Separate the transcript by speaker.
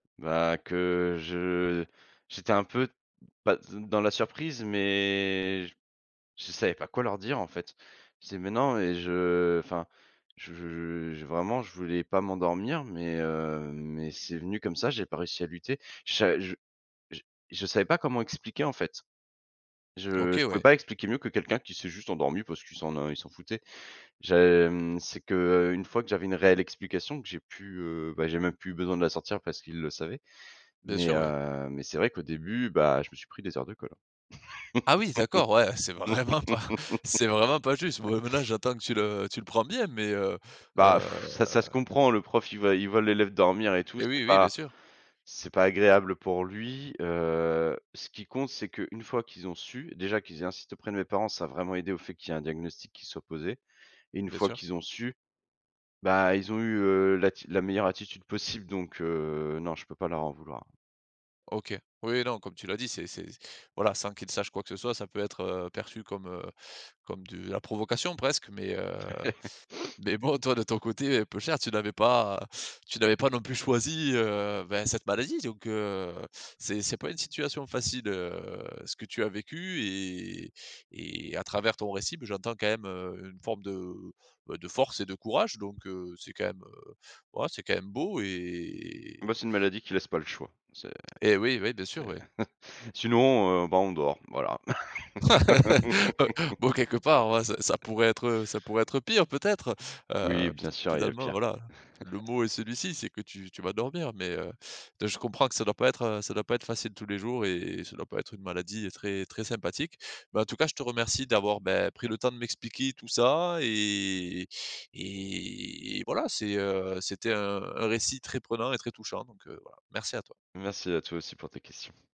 Speaker 1: Bah, que je j'étais un peu, beh, de dans la surprise, mais j je savais pas quoi leur dire en fait. Je disais: «Mais non» et je enfin je je vraiment je voulais pas m'endormir mais, heu, mais c'est venu comme ça, j'ai pas réussi à lutter. Je sa je je je savais pas comment expliquer en fait. Je
Speaker 2: OK
Speaker 1: je pouvais
Speaker 2: ouais.
Speaker 1: pas expliquer mieux que quelqu'un qui s'est juste endormi parce qu'il s'en en il s'en foutait. J'ai mmh, c'est que, heu, une fois que j'avais une réelle explication que j'ai pu, heu, bah, j'ai même plus eu besoin de la sortir parce qu'il le savait,
Speaker 2: Bien
Speaker 1: mais,
Speaker 2: sûr, ouais.
Speaker 1: heu, mais c'est vrai qu'au début, bah, je me suis pris des heures de colle
Speaker 2: Ah oui d'accord, ouais, c'est
Speaker 1: hein.
Speaker 2: vraiment pas c'est vraiment pas juste. Bon et maintenant j'entends que tu le tu le prends bien mais, heu
Speaker 1: Bah,
Speaker 2: heu
Speaker 1: ça ça se comprend. Le prof il voit il voit l'élève dormir et tout,
Speaker 2: Et oui,
Speaker 1: c'est
Speaker 2: oui, bien
Speaker 1: pas
Speaker 2: sûr.
Speaker 1: c'est pas agréable pour lui, heu, ce qui compte c'est qu'une fois qu'ils ont su déjà qu'ils aient insisté auprès de mes parents, ça a vraiment aidé au fait qu'il y ait un diagnostic qui soit posé, et une
Speaker 2: Bien
Speaker 1: fois
Speaker 2: sûr.
Speaker 1: qu'ils ont su, bah ils ont eu, heu, l'atti la meilleure attitude possible, donc, heu, non je peux pas leur en vouloir.
Speaker 2: OK. Oui, oui, non, comme tu l'as dit, c'est c'est voilà, sans qu'il sache quoi que ce soit, ça peut être, heu, perçu comme, heu, comme de la provocation presque, mais, heu, mais bon. Toi de ton côté, heu, peuchère, tu n'avais pas tu n'avais pas non plus choisi, heu, bah, cette maladie, donc, heu, c'est c'est pas une situation facile, heu, ce que tu as vécu, et et à travers ton récit, beh, j'entends quand même, heu, une forme de, beh, de force et de courage donc, heu, c'est quand même, heu, ouah, c'est quand même beau
Speaker 1: Et bah
Speaker 2: et
Speaker 1: c'est une maladie qui laisse pas le choix, c'est
Speaker 2: et oui, ouais, bien sûr,
Speaker 1: c'est,
Speaker 2: ouais.
Speaker 1: sinon, heu, bah, on dort, voilà.
Speaker 2: B bon quelque part, heu, ça ça pourrait être, heu, ça pourrait être pire peut-être,
Speaker 1: Oui,
Speaker 2: heu,
Speaker 1: bien
Speaker 2: peut-être,
Speaker 1: sûr, il y a
Speaker 2: finalement,
Speaker 1: pire.
Speaker 2: voilà, le mot est celui-ci, c'est que tu tu vas dormir mais, heu, je comprends que ça doit pas être, heu, ça doit pas être facile tous les jours, et ça doit pas être une maladie très très sympathique. Mais en tout cas, je te remercie d'avoir, bah, pris le temps de m'expliquer tout ça et et voilà c'est, heu, c'était un un récit très prenant et très touchant, donc, heu, voilà merci à toi.
Speaker 1: Merci, à toi aussi pour tes questions.